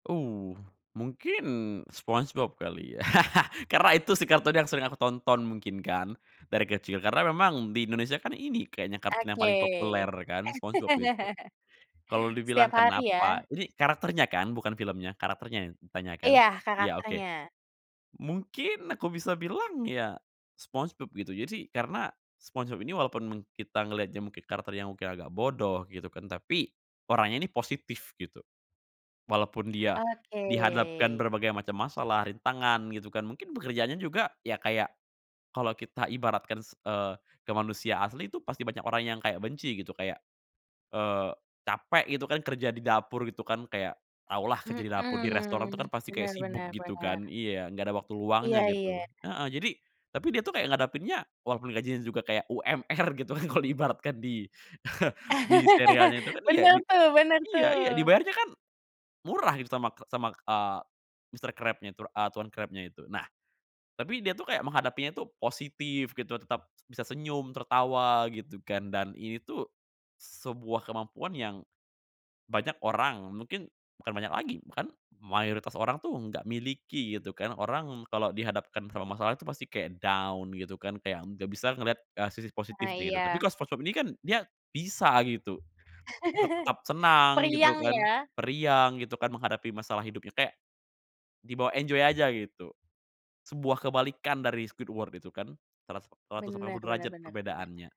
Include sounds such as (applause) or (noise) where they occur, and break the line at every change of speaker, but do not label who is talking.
Uh, mungkin, SpongeBob kali ya, (laughs) karena itu sih kartun yang sering aku tonton mungkin kan, dari kecil, karena memang di Indonesia kan ini kayaknya kartun yang
Oke,
paling populer kan, SpongeBob itu.
(chuckles)
Kalau
setiap
dibilang
hari
kenapa
ya.
ini karakternya kan bukan filmnya, karakternya yang ditanya kan?
Iya
Iya oke,
karakternya.
mungkin aku bisa bilang ya, SpongeBob gitu jadi karena, SpongeBob ini walaupun meng kita ngelihatnya mungkin karakter yang mungkin agak bodoh gitu kan, tapi orangnya ini positif gitu. Walaupun dia
Oke.
dihadapkan berbagai macam masalah, rintangan gitu kan, mungkin pekerjaannya juga ya kayak, kalau kita ibaratkan s eee, ke manusia asli itu pasti banyak orang yang kayak benci gitu kayak, eee, capek gitu kan kerja di dapur itu kan kayak, tahulah kerja di dapur di restoran itu kan
Mhm,
pasti
benar
kayak sibuk
benar
gitu
benar.
kan iya enggak ada waktu
Iya
luangnya
iya.
gitu. Heeh, jadi tapi dia tuh kayak ngadepinnya walaupun gajinya juga kayak UMR gitu kan kalau ibaratkan di, (chuckles) di serialnya itu
(laughs)
kan iya
Bener
di
tuh bener
iya iya
tuh.
dibayarnya kan, murah gitu sama ke sama, k ah, Mister Krab-nya tuh ah, tuan Krab-nya itu, nah tapi dia itu kayak menghadapinya tuh positif gitu, tetap s bisa senyum, tertawa gitu kan, dan ini tuh, sebuah kemampuan yang, banyak orang, mungkin bukan banyak lagi, bahkan mayoritas orang tuh nggak miliki gitu kan, orang kalau dihadapkan sama masalah itu pasti kayak down gitu kan kayak nggak bisa ngelihat, eh, sisi
Ah,
positifnya itu, tapi
iya.
kalo SpongeBob ini kan, dia bisa gitu,
(chuckles)
tetap senang gitu
Periang
kan,
ya?
periang gitu kan menghadapi masalah hidupnya kek, di bawa enjoy aja gitu, sebuah kebalikan dari Squidward itu kan, seratus seratus delapan
Benar
puluh
benar
derajat
benar benar.
perbedaannya.